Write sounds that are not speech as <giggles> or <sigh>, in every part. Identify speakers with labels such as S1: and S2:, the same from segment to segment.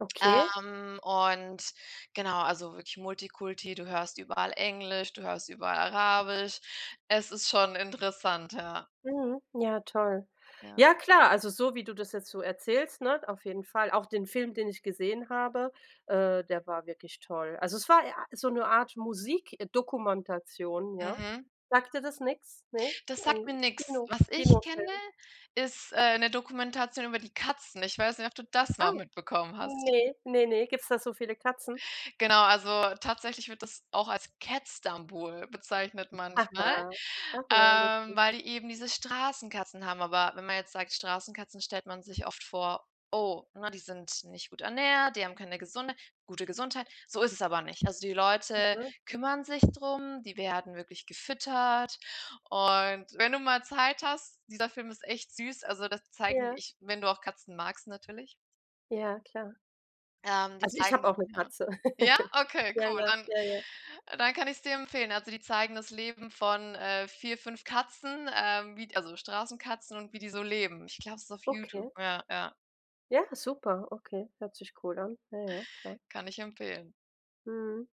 S1: Okay.
S2: Ähm, und genau, also wirklich Multikulti, du hörst überall Englisch, du hörst überall Arabisch. Es ist schon interessant, ja.
S1: Mhm. Ja, toll.
S2: Ja.
S1: Ja, klar, also so, wie du das jetzt so erzählst, ne, auf jeden Fall. Auch den Film, den ich gesehen habe, äh, der war wirklich toll. Also, es war e a so 'ne Art Musikdokumentation, ja.
S2: Mhm.
S1: Sagt dir das nix, ne?
S2: Das sagt
S1: 'N
S2: mir nix.
S1: Kino
S2: Was ich kenne,
S1: Kinofilm.
S2: ist, äh, 'ne Dokumentation über die Katzen. Ich weiß nicht, ob du das
S1: Ah,
S2: mal mitbekommen hast.
S1: ne. Ne, ne. Gibt's da so viele Katzen?
S2: Genau, also tatsächlich wird das auch als „Catstanbul“ bezeichnet
S1: <giggles> Ach,
S2: manchmal,
S1: ja.
S2: ähm,
S1: Lustig.
S2: weil die eben diese Straßenkatzen haben. Aber wenn man jetzt sagt „Straßenkatzen“ stellt man sich oft vor: „Oh, ne, die sind nicht gut ernährt, die haben keine gesunde gute Gesundheit.“ So ist es aber nicht. Also, die Leute
S1: Mhm.
S2: kümmern sich drum, die werden wirklich gefüttert. Und, wenn du mal Zeit hast, dieser Film ist echt süß, also, das zeigen
S1: Ja.
S2: ich wenn du auch Katzen magst natürlich.
S1: Ja, klar.
S2: Ähm, die
S1: Also ich habe auch
S2: zeigen
S1: 'ne
S2: 'ne
S1: Katze.
S2: ja,
S1: <laughs>
S2: okay,
S1: Ja,
S2: cool.
S1: ja,
S2: Dann
S1: ja, ja.
S2: dann kann ich's dir empfehlen. Also, die zeigen das Leben von, äh 4, 5 Katzen, ähm, wie d also Straßenkatzen und, wie die so leben. Ich glaub, es ist auf Youtube.
S1: Okay.
S2: Ja, ja.
S1: Ja, super, okay. Hört sich cool an. Ja, ja. Klar.
S2: Kann ich empfehlen.
S1: Mhm,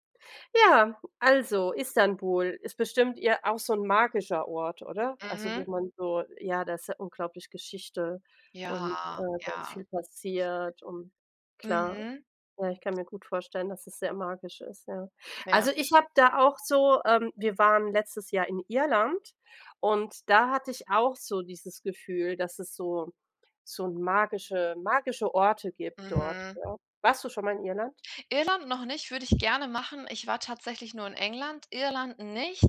S1: ja, also, Istanbul ist bestimmt ir auch so 'n magischer Ort, oder? Also, wo
S2: Mhm.
S1: man so ja, da ist ja unglaublich Geschichte und, äh,
S2: Ja.
S1: ganz
S2: Ja.
S1: viel passiert und klar,
S2: Mhm.
S1: ja, ich kann mir gut vorstellen, dass es sehr magisch ist, ja.
S2: Ja.
S1: Also, ich habe da auch so ähm, wir waren letztes Jahr in Irland und da hatte ich auch so dieses Gefühl, dass es so so magische magische Orte gibt dort,
S2: Mhm.
S1: ja. Warst du schon mal in Irland?
S2: Irland noch nicht, würde ich gerne machen. Ich war tatsächlich nur in England, Irland nicht.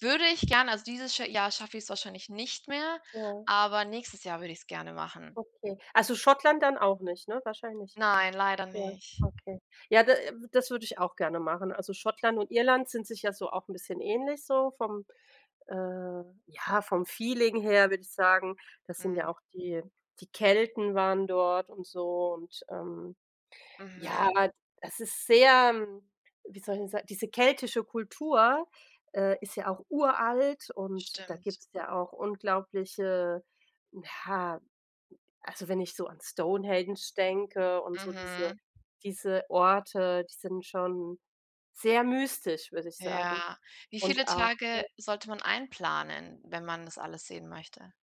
S2: Würde ich gern, also dieses scha Jahr schaff ich's wahrscheinlich nicht mehr,
S1: Ja.
S2: aber nächstes Jahr würde ich's gerne machen.
S1: Okay. Also Schottland dann auch nicht, ne, wahrscheinlich?
S2: Nein, leider
S1: Ja,
S2: nicht.
S1: okay. Ja, da w das würde ich auch gerne machen. Also Schottland und Irland sind sich ja so auch 'n bisschen ähnlich so vom äh, ja, vom Feeling her, würde ich sagen, das sind ja
S2: Mhm.
S1: auch die die Kelten waren dort und so und, ähm, ja,
S2: Mhm.
S1: das ist sehr wie soll ich 'n sa diese keltische Kultur, äh, ist ja auch uralt und da
S2: Stimmt.
S1: gibt's ja auch unglaubliche ja, also, wenn ich so an Stonehenge denke und so diese
S2: Mhm.
S1: diese Orte, die sind schon sehr mystisch, würde ich sagen
S2: Ja. Wie
S1: und
S2: viele
S1: auch we
S2: Tage sollte man einplanen, wenn man das alles sehen möchte?